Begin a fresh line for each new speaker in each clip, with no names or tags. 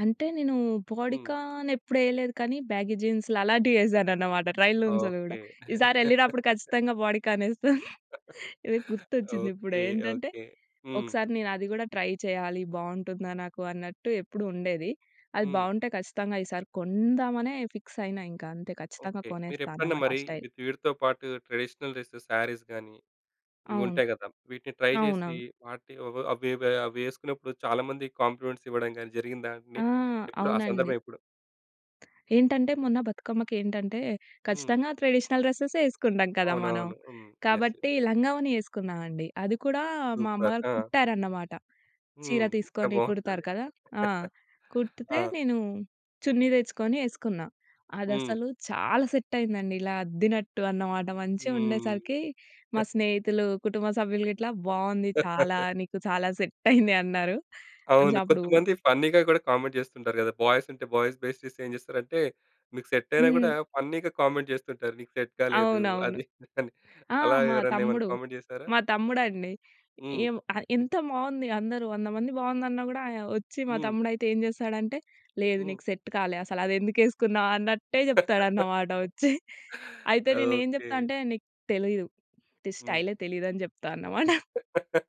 అంటే నేను బాడీ
హ్మ్.
కాన్ ఎప్పుడేయలేదు. కానీ బ్యాగీ జీన్స్‌లు అలాంటివి యేసానన్నమాట ట్రైల్‌రూమ్స్‌లలో గూడా
ఓకే.
ఈసారి యెళ్ళినప్పుడు ఖచ్చితంగా బాడీ కాన్ యేస్తా. ఇది గుర్తొచ్చింది ఇప్పుడే.
ఓకే.
ఏంటంటే,
ఓకే. హ్మ్.
ఒకసారి నేను అది గూడా ట్రై చేయాలి. బావుంటుందా నాకు. అన్నట్టు ఎప్పుడు ఉండేది. అది
హ్మ్.
బావుంటే ఖచ్చితంగా ఈసారి కొందామనే ఫిక్స్ అయినా. ఇంకా అంతే ఖచ్చితంగా
ఓకే.
కొనేస్తా
మీరెప్పుడన్నా
అనమాట ఆ
మరి,
స్టైల్.
వి వీటితో పాటు ట్రెడిషనల్ డ్రెసెస్, శారీస్ గాని,
అవును.
ఇవుంటాయి గదా! వీటిని ట్రై చేసి,
అవునవును.
వాటి అవ్ అవి అవేసుకున్నప్పుడు చాలా మంది కాంప్లిమెంట్స్ ఇవ్వడం గాని జరిగిందా
ఆ!
అండి. ఎప్పుడు ఆ
అవునండి.
సందర్భం ఎప్పుడు?
ఏంటంటే, మొన్న బతుకమ్మకి ఏంటంటే,
హ్మ్.
ఖచ్చితంగా ట్రెడిషనల్ డ్రెసెస్సే యేసుకుంటాం కదా! మనం.
అవునవును. హ్మ్. యెస్. యెస్.
కాబట్టి లంగాఓణి యేసుకున్నా అండి. అది కూడా మా
సూపర్!
అమ్మగారు
ఆ!
కుట్టారన్నమాట. చీర
హ్మ్. ఇంకా
తీసుకొని
బావుంటది.
కుడతారు కదా! ఆ!
ఆ!
కుట్టితే నేను చున్నీ తెచ్చుకొని యేసుకున్నా. అది
హ్మ్.
అసలు చాలా సెట్ అయిందండి. ఇలా అద్దినట్టు అన్నమాట.
హ్మ్.
మంచిగుండేసరికి మా స్నేహితులు, కుటుంబ సభ్యులు గిట్లా బావుంది చాలా. నీకు చాలా సెట్టయింది అన్నారు.
అవును.
కొంచెం అప్పుడు
కొంతమంది ఫన్నీగా గూడా కామెంట్ చేస్తుంటారు గదా! బాయ్స్ ఉంటే బాయ్స్, బేస్టీస్ చేసి ఏం చేస్తారంటే మీకు సెట్ అయినా కూడా
హ్మ్.
ఫన్నీగా కామెంట్ చేస్తుంటారు. మీకు సెట్ కాలేదు
అవునవును.
అది అని
ఆ!
అలా
మా
ఎవరైనా ఏమైనా
తమ్ముడు,
కామెంట్ చేసారా?
మా తమ్ముడండి.
హ్మ్.
ఏం ఎంత బావుంది అందరూ 100 మంది బావుందన్నా గూడా, వచ్చి మా
హ్మ్.
తమ్ముడు అయితే ఏం జేస్తాడంటే, లేదు
హ్మ్.
నీకు సెట్ కాలే. అసలు అది ఎందుకేసుకున్నావు అన్నట్టే జెప్తాడన్నమాట వచ్చి. అయితే నేను ఏం జెప్తా
ఓకే.
అంటే నీకు తెలీదు, నీ
హ్మ్.
స్టైలే తెలియదని జెప్తా అన్నమాట.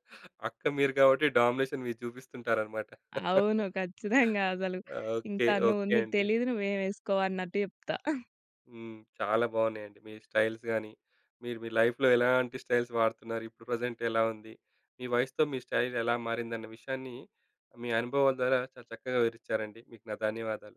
అక్క మీరు కాబట్టి డామినేషన్ మీరు చూపిస్తుంటారన్నమాట.
అవును. ఖచ్చితంగా అసలు.
ఓకే.
ఇంకా నువ్వు
ఓకే
నీకు
అండి.
తెలియదు నువ్వు ఏమి యేసుకోవన్నట్టు జెప్తా.
హ్మ్, చాలా బావున్నాయండి. మీ స్టైల్స్ గాని, మీరు మీ లైఫ్‌లో ఎలాంటి స్టైల్స్ వాడుతున్నారు. ఇప్పుడు ప్రెజెంట్ ఎలా ఉంది, మీ వయస్సుతో మీ స్టైల్ ఎలా మారిందన్న విషయాన్ని మీ అనుభవాల ద్వారా చాలా చక్కగా వివరిచ్చారండి. మీకు నా ధన్యవాదాలు.